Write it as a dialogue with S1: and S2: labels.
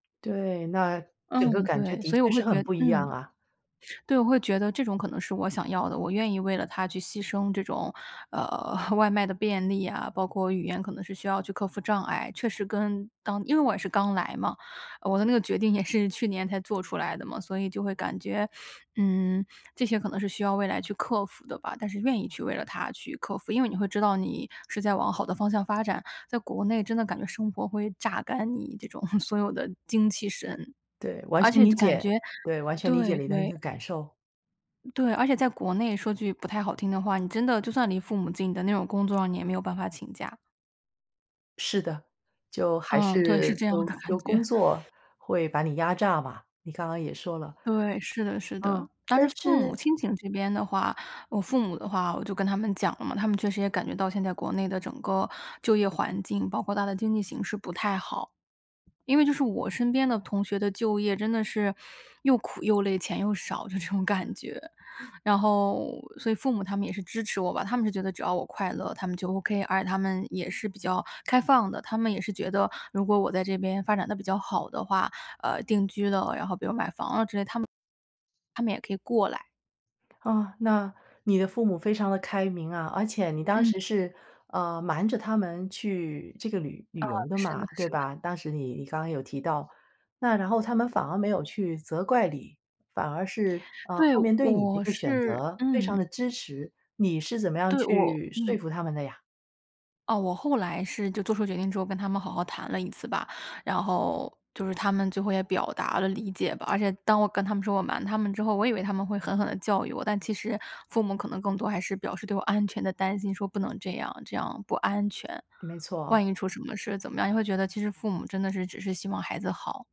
S1: 对，那整个
S2: 嗯，
S1: 感觉
S2: 对，
S1: 的
S2: 所以
S1: 确
S2: 我会
S1: 是
S2: 觉
S1: 很不一
S2: 嗯。
S1: 样啊。
S2: 对，我会觉得这种可能是我想要的。我愿意为了它去牺牲这种，呃，外卖的便利啊，包括语言可能是需要去克服障碍，确实跟当因为我也是刚来嘛，我的那个决定也是去年才做出来的嘛。所以就会感觉，嗯，这些可能是需要未来去克服的吧，但是愿意去为了它去克服，因为你会知道你是在往好的方向发展。在国内真的感觉生活会榨干你这种 所有的精气神。
S1: 对，完
S2: 而
S1: 全
S2: 且
S1: 理
S2: 感
S1: 解。
S2: 觉
S1: 对，完全理解
S2: 对
S1: 你的一个
S2: 对。
S1: 感受。
S2: 对，而且在国内，说句不太好听的话，你真的就算离父母近的那种工作啊，你也没有办法请假。
S1: 是的，就还
S2: 嗯，对，是
S1: 是
S2: 这样
S1: 就
S2: 的感
S1: 就工
S2: 觉。
S1: 作会把你压榨吧，你刚刚也说了。
S2: 对，是的是
S1: 嗯，
S2: 的。但
S1: 但
S2: 是父母
S1: 是
S2: 亲情这边的话，我父母的话我就跟他们讲了嘛，他们确实也感觉到现在国内的整个就业环境，包括它的经济形势不太好。因为就是我身边的同学的就业，真的是又苦又累，钱又少这种感觉。然后所以父母他们也是支持我吧，他们是觉得只要我快乐，他们就 OK，而他们也是比较开放的。他们也是觉得，如果我在这边发展得比较好的话，呃，定居了，然后比如买房啊之类，他们他们也可以过来。
S1: 哦，那你的父母非常地开明啊。而且你当
S2: 嗯。
S1: 时是，嗯，瞒着他们去这个旅旅
S2: 嗯，
S1: 游的
S2: 是
S1: 嘛，
S2: 的
S1: 对
S2: 是的。
S1: 吧，当时你你刚刚有提到。那然后他们反而没有去责怪你，反而是啊，
S2: 对，
S1: 后面对你的这
S2: 我
S1: 个选
S2: 是
S1: 择非常
S2: 嗯。
S1: 地支持。你是怎么样
S2: 对，我
S1: 去说
S2: 嗯。
S1: 服他们的呀？
S2: 哦，我后来是就做出决定之后跟他们好好谈了一次吧。然后就是他们最后也表达了理解吧，而且当我跟他们说我瞒他们之后，我以为他们会狠狠地教育我，但其实父母可能更多还是表示对我安全的担心，说不能这样，这样不安全，
S1: 没错。
S2: 万一出什么事怎么样。你会觉得其实父母真的是只是希望孩子好。